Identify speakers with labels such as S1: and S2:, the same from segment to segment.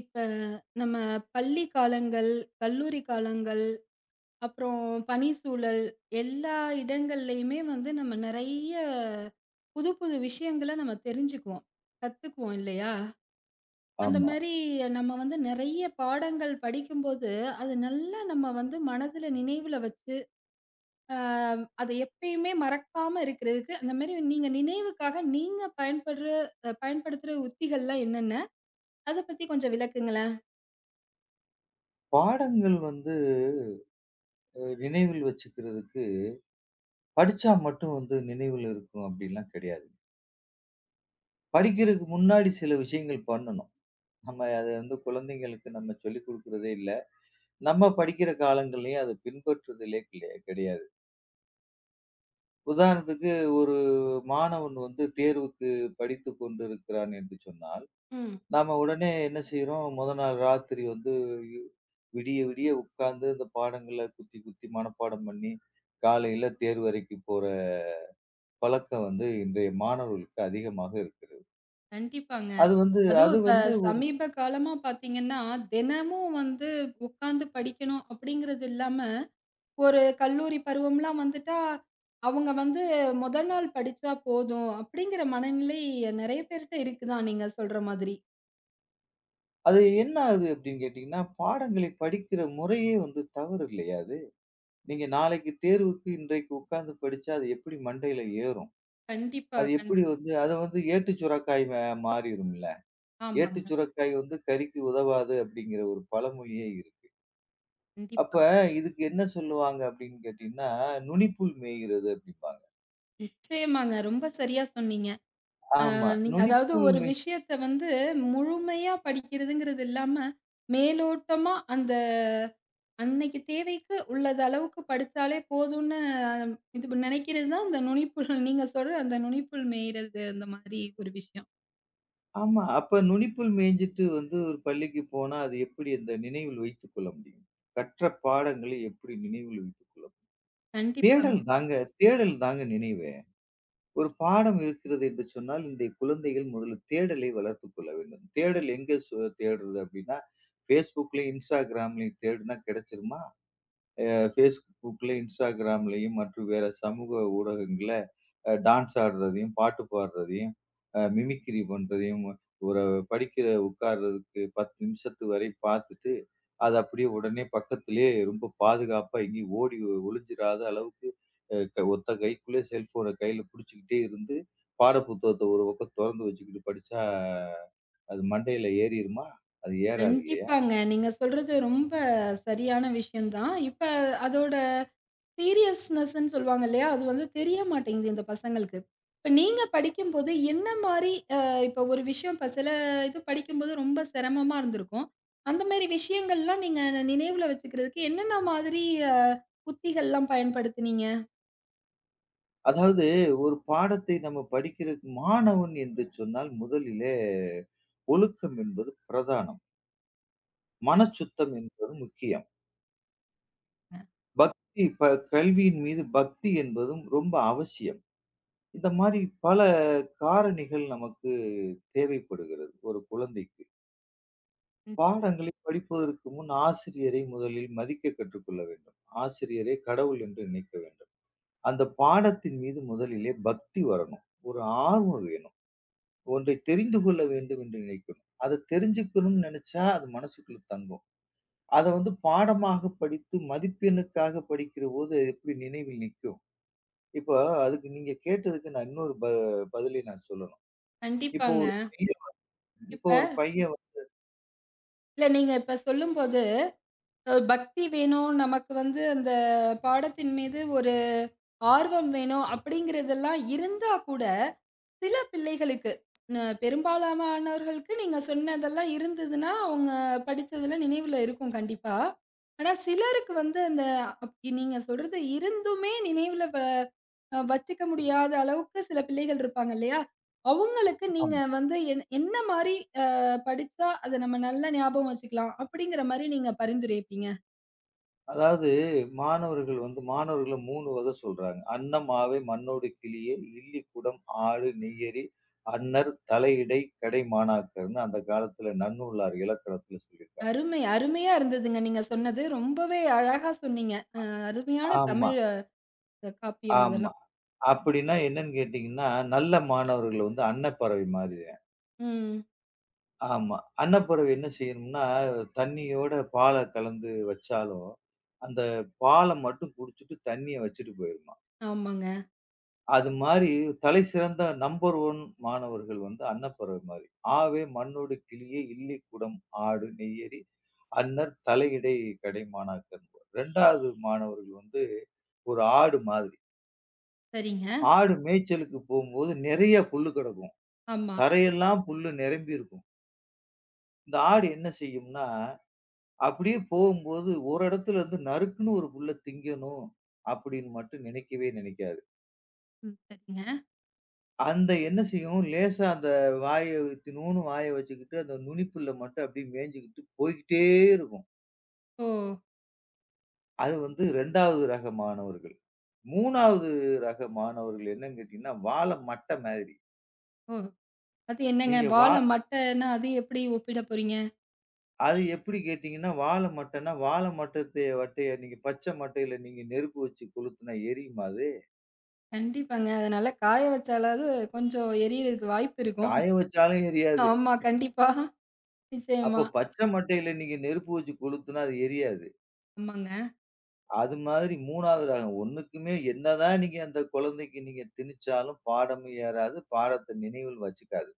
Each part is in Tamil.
S1: இப்ப நம்ம பள்ளி காலங்கள், கல்லூரி காலங்கள், அப்புறம் பணி சூழல் எல்லா இடங்கள்லயுமே வந்து நம்ம நறைய புதுப்புது விஷயங்கள நம்ம தெரிஞ்சுக்குவோம். கத்துக்குவோம் இல்லையா? அந்த
S2: ஆமா.
S1: மாரி நம்ம வந்து நெறைய பாடங்கள் படிக்கும்போது அது நல்லா நம்ம வந்து மனதுல நினைவுல வச்சு, அ அதை எப்பவுமே மறக்காம இருக்கறதுக்கு அந்த மாரி நீங்க நினைவுக்காக நீங்கப் பயன்பட்ற பயன்படுத்துற உத்திகள்லாம் என்னன்ன? அதப் பத்தி கொஞ்சம் விளக்குங்களேன்.
S2: பாடங்கள் வந்து அ நினைவில் வச்சுக்கிறதுக்கு படிச்சா மட்டும் வந்து நினைவில இருக்கும் அப்படி எல்லாம் கெடையாது. படிக்கிறதுக்கு முன்னாடி சில விஷயங்கள் பண்ணணும். நாம அதை வந்து குழந்தைகளுக்கு நம்ம சொல்லிக் கொடுக்கிறதே இல்ல. நம்ம படிக்கிற காலங்கள்லயும் அதை பின்பற்றுதலே கிலே கெடையாது. உதாரணத்துக்கு ஒரு மாணவன் வந்து தேர்வுக்குப் படித்துக் கொண்டிருக்கிறான் என்று சொன்னால்,
S1: ம்.
S2: நாம உடனே என்ன செய்றோம்? மொத நாள் ராத்திரி வந்து யு விடிய விடிய உக்காந்து அந்தப் பாடங்களை குத்தி குத்தி மனப்பாடம் பண்ணி, காலையில தேர்வு அரைக்கு போற பழக்கம் வந்து இன்றைய மாணவர்களுக்கு அதிகமாக இருக்கிறது.
S1: கண்டிப்பாங்க.
S2: அது வந்து அது
S1: அதுவும் இப்ப
S2: வந்து ஒரு
S1: சமீபகாலமா பார்த்தீங்கன்னா, தினமும் வந்து உக்காந்து படிக்கணும் அப்படிங்கறது இல்லாம ஒரு கல்லூரி பருவம்லாம் வந்துட்டா அவுங்க வந்து முதல் நாள் படிச்சா போதும் அப்படிங்கிற மனநிலை நெறைய பேர்ட்ட இருக்குதான் நீங்க சொல்ற மாதிரி.
S2: அது என்ன ஆகுது அப்படின்னு கேட்டீங்கன்னா, பாடங்களை படிக்கிற முறையே வந்து தவறு இல்லையா அது? நீங்க நாளைக்கு தேர்வுக்கு இன்றைக்கு உக்காந்து படிச்சா அது எப்படி மண்டையில ஏறும்?
S1: கண்டிப்பா,
S2: அது
S1: கண்
S2: எப்படி வந்து அதை வந்து ஏட்டுச் சுரைக்காய் மாறிடும்ல.
S1: ஆமாங்க.
S2: ஏட்டுச் சுரைக்காய் வந்து கறிக்கு உதவாது அப்டிங்கிற ஒரு பழமொழியே இருக்கு.
S1: கண்டிப்பா.
S2: அப்ப இதுக்கு என்ன சொல்லுவாங்க அப்படின்னு கேட்டீங்கன்னா, நுனிப்புல் மேயிறது அப்படின்பாங்க.
S1: நிச்சயமாங்க. ரொம்ப சரியா சொன்னீங்க. அ.
S2: ஆமா
S1: நீங்க அதாவது
S2: நுனிப்புல்
S1: ஒரு
S2: மேட்
S1: விஷயத்த வந்து முழுமையா படிக்கிறதுங்கிறது இல்லாம மேலோட்டமா அந்த அன்னைக்கு தேவைக்கு உள்ள அளவுக்குப் படிச்சாலே போதும்னு இது நெனைக்கிறதுதான், அந்த நுனிப்புல் நீங்க சொல்ற அந்த நுனிப்புல் மேயிறது அந்த மாதிரி ஒரு விஷயம்.
S2: ஆமா, அப்ப நுனிப்புல் மேஞ்சிட்டு வந்து ஒரு பள்ளிக்கு போனா அது எப்படி அந்த நினைவில் வைத்துக்கொள்ள முடியும்? கற்ற பாடங்களை எப்படி நினைவில் வைத்துக்கொள்ள முடியும்?
S1: கண்டிப்பாங்க.
S2: தேடல் தாங்க, தேடல் தாங்க நினைவே. ஒரு பாடம் இருக்கிறது என்று சொன்னால் இன்றைய குழந்தைகள் முதலில் தேடலை வளர்த்துக்கொள்ள வேண்டும். தேடல் எங்க சு தேட்றது அப்படின்னா Facebook-லயும், Instagram-லயும் தேடுனா கிடைச்சுடுமா? அ Facebook-ல, Instagram-லயும் மற்றும் வேற சமூக ஊடகங்கள்ல அ டான்ஸ் ஆட்றதையும், பாட்டு பாட்றதையும், அ மிமிக்ரீ பண்றதையும் ஒரு படிக்கிற உக்காருறதுக்கு 1௦ நிமிஷத்து வரை பார்த்துட்டு அதை அப்படியே உடனே பக்கத்துலயே ரொம்ப பாதுகாப்பா எங்கேயும் ஓடி ஒளிஞ்சிராத அளவுக்கு அ ஒத்த கைக்குள்ளே செல்ஃபோன கைல புடிச்சுகிட்டே இருந்து பாடப்புத்தகத்த ஒரு பக்கம் தொறந்து வச்சுக்கிட்டு படிச்சா அது மண்டையில ஏறிறுமா? அது ஏறாது இல்லையா?
S1: கண்டிப்பாங்க. நீங்க சொல்றது ரொம்ப சரியான விஷயம் தான். இப்ப அதோட சீரியஸ்ன்ஸ்ன்னு சொல்லுவாங்க இல்லையா? அது வந்து தெரியமாட்டேங்குது இந்த பசங்களுக்கு. இப்ப நீங்கப் படிக்கும்போது என்ன மாரி அ இப்ப ஒரு விஷயம் சில இது படிக்கும்போது ரொம்ப சிரமமா இருந்திருக்கும். அந்த மாரி விஷயங்கள்லாம் நீங்க நினைவுல வச்சுக்கிறதுக்கு, என்னென்ன மாதிரி உத்திகள் எல்லாம் பயன்படுத்துனீங்க?
S2: அதாவது ஒரு பாடத்தை நம்ம படிக்கிற மாணவன் என்று சொன்னால் முதலிலே ஒழுக்கம் என்பது பிரதானம். மனச்
S1: கண்டிப்
S2: சுத்தம் என்பது முக்கியம்.
S1: அ.
S2: பக்தி, இப்ப கல்வியின் மீது பக்தி என்பதும் ரொம்ப அவசியம். இந்த மாதிரி பல காரணிகள் நமக்கு தேவைப்படுகிறது ஒரு குழந்தைக்கு.
S1: ம்ஹ்ம்.
S2: பாடங்களை படிப்பதற்கு முன் ஆசிரியரை முதலில் மதிக்கக் கற்றுக்கொள்ள வேண்டும். ஆசிரியரை கடவுள் என்று நினைக்க வேண்டும். அந்தப் பாடத்தின் மீது முதலிலே பக்தி வரணும். ஒரு ஆர்வம் வேணும். ஒன்றை தெரிந்து கொள்ள வேண்டும் என்று நினைக்கணும். அதைத் தெரிஞ்சுக்கணும்னு நினைச்சா அது மனசுக்குள்ள தங்கும். அத வந்து பாடமாகப் படித்து மதிப்பெண்ணுக்காகப் படிக்கிறபோது அது எப்டி நினைவில் நிக்கும்? இப்ப அதுக்கு நீங்கக் கேட்டதுக்கு நான் இன்னொரு ப பதிலைத் நான் சொல்லணும். இப்ப
S1: கண்டிப்பாங்க.
S2: ஒரு பையன் வந்து
S1: இப்ப
S2: இப்ப ஒரு பையன் வந்து
S1: இல்ல நீங்க இப்ப சொல்லும்போது, அ, பக்தி வேணும். நமக்கு வந்து அந்தப் பாடத்தின் மீது ஒரு ஆர்வம் வேணும் அப்படிங்கிறது எல்லாம் இருந்தாக்கூட சில பிள்ளைகளுக்கு, ம், பெரும்பாலானவர்களுக்கு நீங்கச் சொன்னதெல்லாம் இருந்ததுன்னா அவங்க படிச்சது எல்லாம் நினைவுல இருக்கும் கண்டிப்பா. ஆனா சிலருக்கு வந்து அந்த அப் நீங்கச் சொல்றது இருந்துமே நினைவுல வ வச்சுக்க முடியாத அளவுக்குச் சில பிள்ளைகள் இருப்பாங்க இல்லையா? அவங்களுக்கு நீங்க
S2: ஆமா.
S1: வந்து என்ன என்ன மாரி ஆ, படிச்சா அதை நம்ம நல்லா ஞாபகம் வச்சுக்கலாம் அப்படிங்கிற மாரி நீங்கப் பரிந்துரைப்பீங்க.
S2: அதாவது மாணவர்கள் வந்து மாணவர்கள 3 வக சொல்றாங்க. "அன்னமாவே, மண்ணோடு கிளியே, இல்லிக்குடம், ஆடு, நெய்யறி, அன்னர், தலை இடை, கடை மாணாக்கர்னு" அந்தக் காலத்துல நன்னூல்னார் இலக்கியத்துல சொல்லி இருக்காங்க.
S1: அருமை. அருமையா இருந்ததுங்க நீங்கச் சொன்னது. ரொம்பவே அழகா சொன்னீங்க.
S2: அ.
S1: அ அருமையான
S2: ஆமா
S1: தமிழ் அ காப்பியம்
S2: ஆமா
S1: இதெல்லாம்.
S2: அப்படின்னா என்னன்னு கேட்டீங்கன்னா நல்ல மாணவர்கள வந்து அன்னப்பறவை மாரி தாந்.
S1: ம்.
S2: ஆமா அன்னப்பறவை என்ன செய்யும்னா தண்ணியோட பாலை கலந்து வச்சாலும், அந்த பாலை மட்டும் குடிச்சிட்டு தண்ணியை வச்சிட்டு போயிருமாம்.
S1: ஆமாங்க.
S2: அது மாரி தலைசிறந்த நம்பர் ஒன் மாணவர்கள் வந்து அன்னப்பறவை மாரி. "ஆவே, மண்ணோடு கிளியே, இல்லிக்குடம், ஆடு, நெய்யறி, அன்னர், தலை இடை, கடை மாணாக்கர்" 2வது மாணவர்கள் வந்து ஒரு ஆடு மாதிரி.
S1: சரிங்க.
S2: ஆடு மேய்ச்சலுக்கு போகும்போது நிறைய புல் கடக்கும்.
S1: ஆமா.
S2: தரை எல்லாம் புல்லு நிரம்பி இருக்கும். இந்த ஆடு என்ன செய்யும்னா, அப்படியே போகும்போது ஒரு இடத்துல வந்து நறுக்குன்னு ஒரு புல்ல திங்கணும் அப்படின்னு மட்டும் நினைக்கவே நினைக்காது.
S1: ம். சரிங்க.
S2: அந்த என்ன செய்யும், லேசா அந்த வாய இத்துணுன்னு வாய வச்சுக்கிட்டு, அந்த நுனிப்புல்ல மட்டும் அப்டி மேய்ஞ்சுக்கிட்டு போய்க்கிட்டே இருக்கும்.
S1: ஓ.
S2: அது வந்து 2 வது ரக மாணவர்கள், மூனாவது ரக மாணவர்கள் என்னன்னு கேட்டீங்கன்னா, "வாழ மட்ட மாதிரி".
S1: ஓ, அது என்னங்க
S2: நீங்க வா
S1: வாழ மட்டனா அது எப்டி ஒப்பிடப்போறீங்க?
S2: அது எப்டி கேட்டீங்கன்னா, வாழ மட்டன்னா, வாழ மட்டத்த மட்டய நீங்க பச்ச மட்டைல நீங்க நெருப்பு வச்சு கொளுத்துனா எரியுமா அது?
S1: கண்டிப்பாங்க, அதுனால காய வச்சாலாவது கொஞ்சம் எரியுறதுக்கு வாய்ப்பு இருக்கும்.
S2: காய வச்சாலும் எரியாது.
S1: ஆமா கண்டிப்பா.
S2: அப்போ
S1: நிச்சயமா.
S2: பச்ச மட்டைல நீங்க நெருப்ப வச்சு கொளுத்துனா அது எரியாது.
S1: ஆமாங்க.
S2: அது மாதிரி மூனாவது ரகம், ஒண்ணுக்கும்மே என்னதா நீங்க அந்த கொழந்தைக்கு நீங்க திணிச்சாலும் பாடமே ஏறாது, பாடத்த நினைவில் வச்சுக்காது.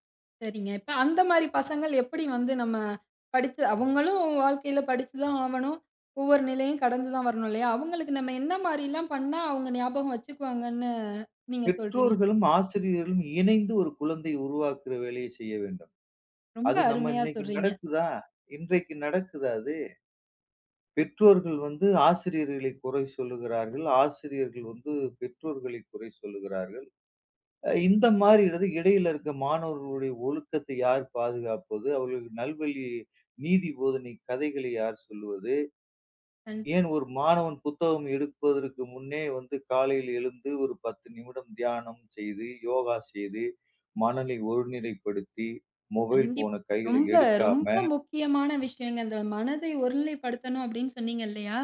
S1: சரிங்க, இப்ப அந்த மாரி பசங்கள், எப்டி வந்து நம்ம படிச்சு அவுங்களும் வாழ்க்கைல படிச்சு தான் ஆவணும், ஒவ்வொரு நிலையும் கடந்து தான் வரணும், அவுங்களுக்கு நம்ம என்ன மாரில்லாம் பண்ணா, அவுங்க ஞாபகம் வச்சுக்குவாங்கன்னு நீங்க சொல்றீங்க?
S2: பெற்றோர்களும், ஆசிரியர்களும், இணைந்து ஒரு குழந்தைய உருவாக்குற வேலையை செய்ய வேண்டும்.
S1: ரொம்ப
S2: அது நம்ம
S1: அருமையா
S2: இன்னைக்கு
S1: சொல்றீங்க.
S2: நடக்குதா? இன்றைக்கு நடக்குதா அது? பெற்றோர்கள் வந்து ஆசிரியர்களை குறை சொல்கிறார்கள், ஆசிரியர்கள் வந்து பெற்றோர்களை குறை சொல்கிறார்கள். இந்த மாரி இடது இடையில் இருக்க மாணவர்களின் ஒழுக்கத்தை யார் பாதுகாப்பது? அவர்களுக்கு நல்வழி நீதி போதனை கதைகளை யார் சொல்வது?
S1: அண்...
S2: ஏன் ஒரு மாணவன் புத்தகம் எடுப்பதற்கு முன்னே வந்து காலையில் எழுந்து ஒரு பத்து நிமிடம் தியானம் செய்து, யோகா செய்து, மனனை ஒருநிலைப்படுத்தி, மொபைல்
S1: கண்டிப்
S2: ஃபோன் கைல
S1: ரொம்ப ரொம்ப
S2: எடுக்காம...
S1: முக்கியமான விஷயங்க, அந்த மனதை ஒருநிலைப்படுத்தணும் அப்டின்னு சொன்னீங்கல்லியா?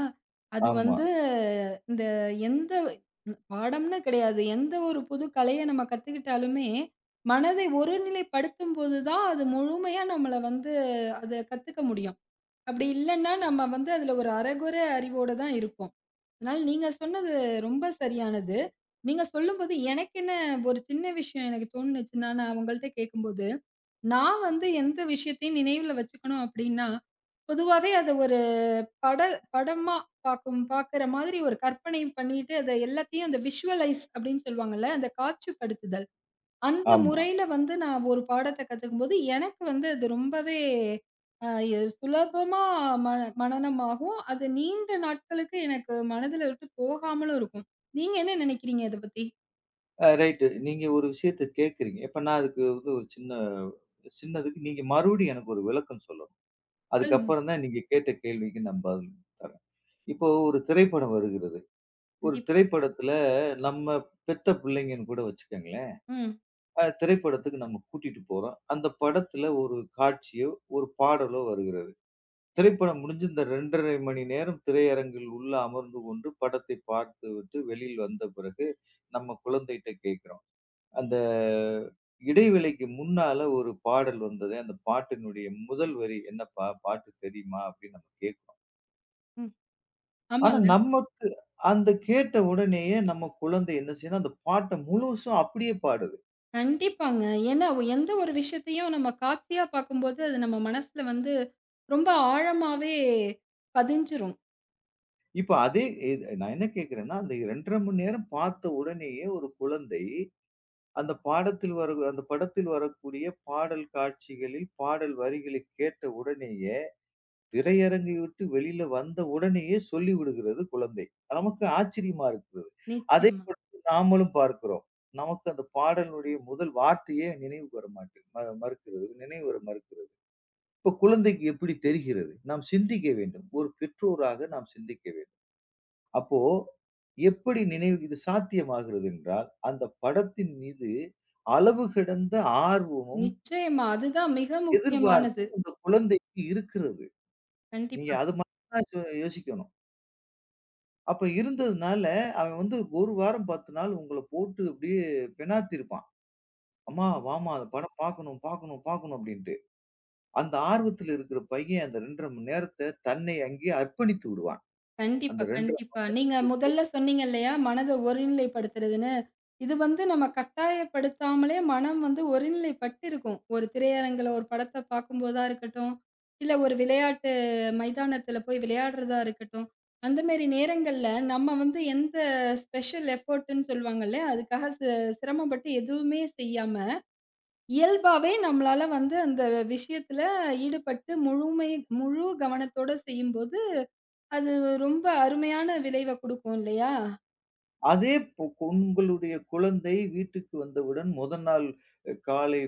S1: அது
S2: ஆமா.
S1: வந்து இந்த எந்த பாடம்னு கிடையாது, எந்த ஒரு புது கலைய நம்ம கத்துக்கிட்டாலுமே, மனதை ஒருநிலைப்படுத்தும் போது தான் அது முழுமையா நம்மள வந்து அத கத்துக்க முடியும், அப்டி இல்லன்னா நம்ம வந்து அதுல ஒரு அரகொற அறிவோட தான் இருப்போம். ஆனால், நீங்க சொன்னது ரொம்ப சரியானது. நீங்க சொல்லும்போது எனக்கென்ன ஒரு சின்ன விஷயம் எனக்கு தோணுச்சுன்னா, அவுங்க கிட்ட கேக்கும்போது நான் வந்து எந்த விஷயத்தையும் நினைவுல வச்சுக்கணும் அப்டின்னா, பொதுவாவே அத ஒரு பட படமா பாக்கும் பாக்குற மாதிரி ஒரு கற்பனை பண்ணிட்டு, அதை எல்லாத்தையும் visualize அப்டின்னு சொல்லுவாங்கல, அந்த காட்சிப்படுத்துதல், அந்த
S2: ஆமா.
S1: முறையில வந்து நான் ஒரு பாடத்த கத்துக்கும்போது, எனக்கு வந்து அது ரொம்பவே அ சுலபமா மன மனனமாகும், அது நீண்ட நாட்களுக்கு எனக்கு மனதுல இருந்து போகாமலும் இருக்கும். நீங்க என்ன நெனைக்கிறீங்க இதப்பத்தி?
S2: அ ரைட், நீங்க ஒரு விஷயத்த கேக்குறீங்க. இப்ப நான் அதுக்கு வந்து ஒரு சின்ன சின்னது நீங்க மறுபடியும் எனக்கு ஒரு விளக்கம் சொல்லணும்,
S1: சொல்லுங்
S2: அதுக்கப்றம்தான் நீங்க கேட்ட கேள்விக்கு நான் பதில் தரேன். இப்போ ஒரு திரைப்படம் வருகிறது, ஒரு
S1: கண்டிப்
S2: திரைப்படத்துல நம்ம பெத்த புள்ளைங்கன்னு கூட வச்சுக்ககுங்களேன்,
S1: ம்.
S2: அந்த திரைப்படத்துக்கு நாம கூட்டிட்டு போறோம். அந்தப் படத்துல ஒரு காட்சியோ, ஒரு பாடலோ, வருகிறது. திரைப்படம் முடிஞ்சு அந்த 2.30 மணி நேரம் திரையரங்கில் உள்ளே அமர்ந்து கொண்டு படத்தைப் பார்த்துவிட்டு வெளியில் வந்த பிறகு, நம்ம குழந்தைட்ட கேக்குறோம், அந்த இடைவேளைக்கு முன்னால ஒரு பாடல் வந்தது, அந்தப் பாட்டினுடைய முதல் வரி என்னப்பா பாட்டு? தெரியுமா அப்டின்னு நாம கேக்கறோம்.
S1: ம்,
S2: ஆனா
S1: ஆமாங்க.
S2: நமக்கு அந்த கேட்ட உடனேயே நம்ம குழந்தை என்ன செய்துனா அந்தப் பாட்ட முழுசா அப்டியே பாடுது.
S1: கண்டிப்பாங்க. ஏன்னா, ஒ எந்த ஒரு விஷயத்தையும் நம்ம காட்சியா பாக்கும்போது, அது நம்ம மனசுல வந்து, ரொம்ப ஆழமாவே பதிஞ்சிரும்.
S2: இப்ப அதே இத் நான் என்ன கேக்குறேன்னா, அந்த 2 1/2 மணி நேரம் பாத்த உடனேயே ஒரு குழந்தை, அந்தப் பாடத்தில் வரக் அந்தப் படத்தில் வரக்கூடிய பாடல் காட்சிகளில், பாடல் வரிகளை கேட்ட உடனேயே, திரையரங்கை விட்டு வெளியில வந்த உடனேயே சொல்லிவிடுகிறது குழந்தை. நமக்கு ஆச்சரியமா இருக்கு. அதே
S1: நிச்சயமா.
S2: படத்தை நாமளும் பார்க்கிறோம். நமக்கு அந்தப் பாடலினுடைய முதல் வார்த்தையே நினைவுக்கு வர மாட்டு மறுக்கிறது நினைவுவர மறுக்கிறது. இப்போ குழந்தைக்கு எப்படி தெரிகிறது? நாம் சிந்திக்க வேண்டும். ஒரு பெற்றோராக நாம் சிந்திக்க வேண்டும். அப்போ, எப்படி நினைவு இது சாத்தியமாகிறது என்றால், அந்தப் படத்தின் மீது அளவு கடந்த ஆர்வமும்
S1: நிச்சயமா! அது தான் மிக முக்கியமானது.
S2: எதிர்பார்ப்பும் அந்தக் குழந்தைக்கு இருக்கிறது. நீங்க
S1: கண்டிப்பாக.
S2: அது மாரி தான் சொ யோசிக்கணும். அப்ப, இருந்ததுனால அவன் வந்து 1 வாரம் 10 நாள் உங்களப் போட்டு அப்படியே பினாத்திருப்பான். "அம்மா,
S1: ம்.
S2: வாம்மா, அந்த படம் பாக்கணும் பாக்கணும் பாக்கணும்," அப்படின்னுட்டு. அந்த ஆர்வத்தில இருக்கிற பையன், அந்த 2:30 மணி நேரத்தைத் தன்னை அங்கேயே அர்ப்பணித்து விடுவான். அந்த
S1: கண்டிப்பா
S2: 2:30 மணி
S1: கண்டிப்பா. நீங்க
S2: [unintelligible]
S1: முதல்ல சொன்னீங்க இல்லையா, மனத ஒருநிலைபடுத்துறதுன்னு, இது வந்து நம்ம கட்டாயப்படுத்தாமலே மனம் வந்து ஒருநிலைபட்டிருக்கும். ஒரு திரையரங்குல ஒரு படத்த பாக்கும்போதா இருக்கட்டும், இல்ல ஒரு விளையாட்டு மைதானத்துல போய் விளையாடுறதா இருக்கட்டும், அந்த மாரி நேரங்கள்ல நம்ம வந்து எந்த ஸ்பெஷல் எஃபர்ட் -னு சொல்வாங்கள்ல, அதுக்காக சி சிரமப்பட்டு எதுவுமே செய்யாம, இயல்பாவே நம்மளால வந்து அந்த விஷயத்துல ஈடுபட்டு முழுமை முழு கவனத்தோட செய்யும்போது அது ரொம்ப அருமையான விளைவ குடுக்கும் இல்லையா?
S2: அதே இப் உங்களுடைய குழந்தை வீட்டிற்கு வந்தவுடன், முதல் நாள் காலை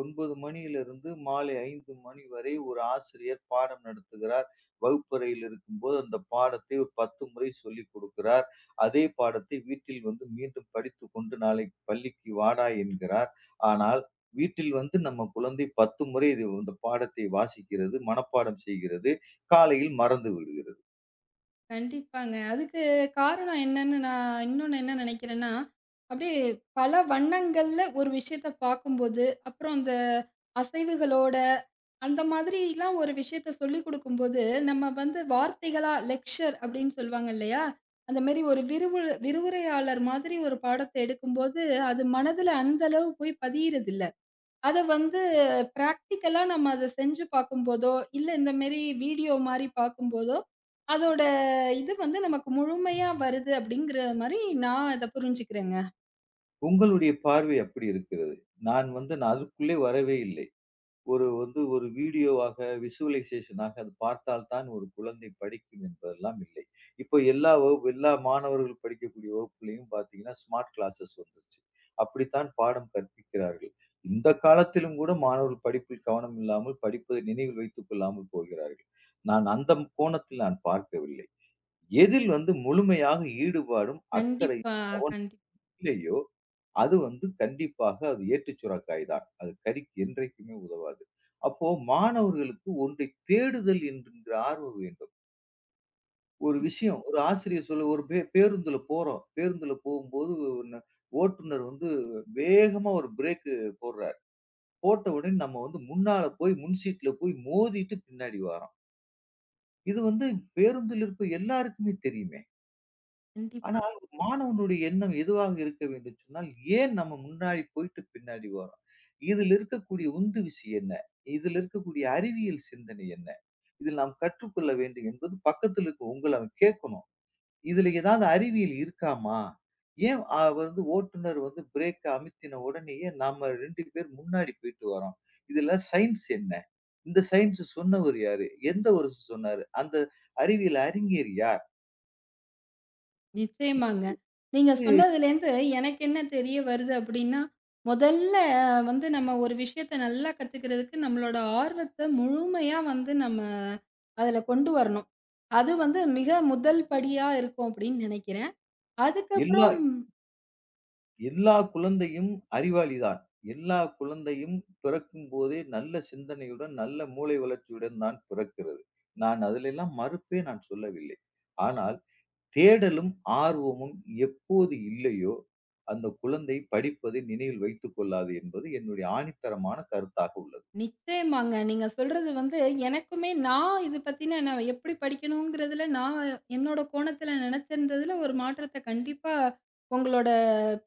S2: 9:00 மணியிலிருந்து மாலை 5:00 மணி வரை ஒரு ஆசிரியர் பாடம் நடத்துகிறார். வகுப்பறையில் இருக்கும்போது அந்தப் பாடத்தை ஒரு 10 முறை சொல்லிக்கொடுக்கிறார். அதே பாடத்தை வீட்டில் வந்து மீண்டும் படித்துக்கொண்டு நாளைக்குப் பள்ளிக்கு வாடா என்கிறார். ஆனால் வீட்டில் வந்து நம்ம குழந்தை 10 முறை இந்தப் பாடத்தை வாசிக்கிறது, மனப்பாடம் செய்கிறது, காலையில் மறந்துவிடுகிறது.
S1: கண்டிப்பாங்க. அதுக்கு காரணம் என்னன்னு நான் இன்னொன்னு என்ன நெனைக்கிறேன்னா, அப்டி பல வண்ணங்கள்ல ஒரு விஷயத்தப் பார்க்கும் போது, அப்புறம் அந்த அசைவுகளோட அந்த மாதிரிலாம் ஒரு விஷயத்த சொல்லிக்குடுக்கும்போது நம்ம வந்து வார்த்தைகளா லெக்சர் அப்டின்னு சொல்லுவாங்க. இல்லையா? அந்த மாரி ஒரு விரிவு விரிவுரையாளர் மாதிரி ஒரு பாடத்தை எடுக்கும்போது, அது மனதில அந்த அளவு போய் பதியறது இல்ல. அத வந்து பராக்டீக்கல்லா நம்ம அதச் செஞ்சு பாக்கும்போதோ இல்ல இந்த மேரி வீடியோ மாரி பாக்கும் போதோ அதோட இது வந்து நமக்கு முழுமையா வருது அப்டிங்கற மாரி நான் அத புரிஞ்சுக்கறேன்ங்க.
S2: உங்களுடைய பார்வை அப்டி இருக்கிறது. நான் வந்து நான் அதுக்குள்ளே வரவே இல்லை. ஒரு வந்து ஒரு வீடியோவாக விஷுவலைசேஷன் ஆகப் பார்த்தால் தான் ஒரு குழந்தை படிக்கும் என்பதெல்லாம் இல்லை. இப்ப எல்லா வகுப்பும் எல்லா மாணவர்கள் படிக்கக்கூடிய வகுப்பிலேயும் பாத்தீங்கன்னா ஸ்மார்ட் கிளாஸ்சஸ் வந்துருச்சு. அப்டித்தான் பாடம் கற்பிக்கிறார்கள். இந்தக் காலத்திலும் கூட மாணவர்கள் படிப்பில் கவனம் இல்லாமல் படிப்பை நினைவில் வைத்துக் கொள்ளாமல் போகிறார்கள். நான் அந்த ம் கோணத்தில் நான் பார்க்கவில்லை. எதில் வந்து முழுமையாக ஈடுபாடும், அக்கறையும்,
S1: கண்டிப்பா,
S2: கவனமும்
S1: கண்டிப்
S2: இல்லையோ அது வந்து கண்டிப்பாக அது ஏட்டுச் சுரைக்காய்தான். அது கறிக்கு என்றைக்குமே உதவாது. அப்போ மாணவர்களுக்கு ஒன்றைக் தேடுதல் என்கின்ற ஆர்வம் வேண்டும். ஒரு
S1: ம்.
S2: விஷயம் ஒரு ஆசிரியர் சொல்ல, ஒரு பே பேருந்துல போறோம். பேருந்துல போம்போது ஒண்ணு ஓட்டுநர் வந்து வேகமா ஒரு ப்ரேக் போடுறார். போட்டவுடனே நம்ம வந்து முன்னால போய் முன் சீட்ல போய் மோதிட்டு பின்னாடி வார்றோம். இது வந்து பேருந்தில் இருக்கும் எல்லாருக்குமே தெரியுமே.
S1: கண்டிப்பா.
S2: ஆனால், மாணவனுடைய எண்ணம் எதுவாக இருக்க வேண்டும்னு சொன்னால், ஏன் நம்ம முன்னாடி போயிட்டு பின்னாடி வர்றோம்? இதில் இருக்கக்கூடிய உந்து விஷயம் என்ன? இதில் இருக்கக்கூடிய அறிவியல் சிந்தனை என்ன? இதில் நாம் கற்றுக்கொள்ள வேண்டும் என்பது பக்கத்தில் இருக்கும் உங்கள அவன் கேட்கணும். இதில் ஏதாவது அறிவியல் இருக்காமா? ஏன் அவ வந்து ஓட்டுநர் வந்து ப்ரேக் அமித்தின உடனேயே நாம 2 பேர் முன்னாடி போயிட்டு வர்றோம்? இதில சயின்ஸ் என்ன? இந்த சயின்ஸ் சொன்னவர் யாரு? எந்த ஒருசு சொன்னாரு? அந்த அறிவியல் அறிஞர் யார்?
S1: நிச்சியமாங்க. நீங்க
S2: இத்
S1: சொன்னதுலந்து எனக்கு என்ன தெரிய வருது அப்டின்னா, முதல்ல வந்து நம்ம ஒரு விஷயத்த நல்லா கத்துக்கிறதுக்கு நம்மளோட ஆர்வத்த முழுமையா வந்து நம்ம அதுல கொண்டு வரணும். அது வந்து மிக முதல் படியா இருக்கும் அப்டின்னு நெனைக்கிறேன். அதுக்கப்புறம்
S2: எல்லா-எல்லா
S1: ம்.
S2: குழந்தையும் அறிவாளிதான். எல்லா குழந்தையும் பிறக்கும்போதே நல்ல சிந்தனையுடன், நல்ல மூளை வளர்ச்சியுடன் தான் பிறக்கிறது. நான் அதில எல்லாம் மறுப்பே நான் சொல்லவில்லை. ஆனால் தேடலும் ஆர்வமும் எப்போது இல்லையோ அந்த குழந்தை படிப்பதை நினைவில் வைத்துக் கொள்ளாது என்பது என்னுடைய ஆணித்தரமான கருத்தாக உள்ளது.
S1: நிச்சியமாங்க. நீங்க சொல்றது வந்து எனக்குமே நான் இது பத்தின நான் எப்டி படிக்கணும்ங்கிறதுல நான் என்னோட கோணத்துல நெனைச்சிருந்ததில ஒரு மாற்றத்த கண்டிப்பா உங்களோட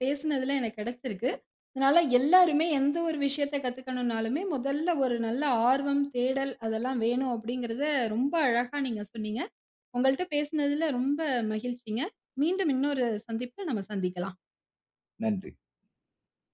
S1: பேசினதுல எனக்குக் கிடைச்சிருக்கு. அதனால எல்லாருமே எந்த ஒரு விஷயத்தக் கத்துக்கணும்னாலுமே முதல்ல ஒரு நல்ல ஆர்வம், தேடல் அதெல்லாம் வேணும் அப்டிங்கிறத ரொம்ப அழகா நீங்கச் சொன்னீங்க. உங்கள்ட்ட பேசினதுல ரொம்ப மகிழ்ச்சிங்க. மீண்டும் இன்னொரு சந்திப்பில் நம்ம சந்திக்கலாம்.
S2: நன்றி.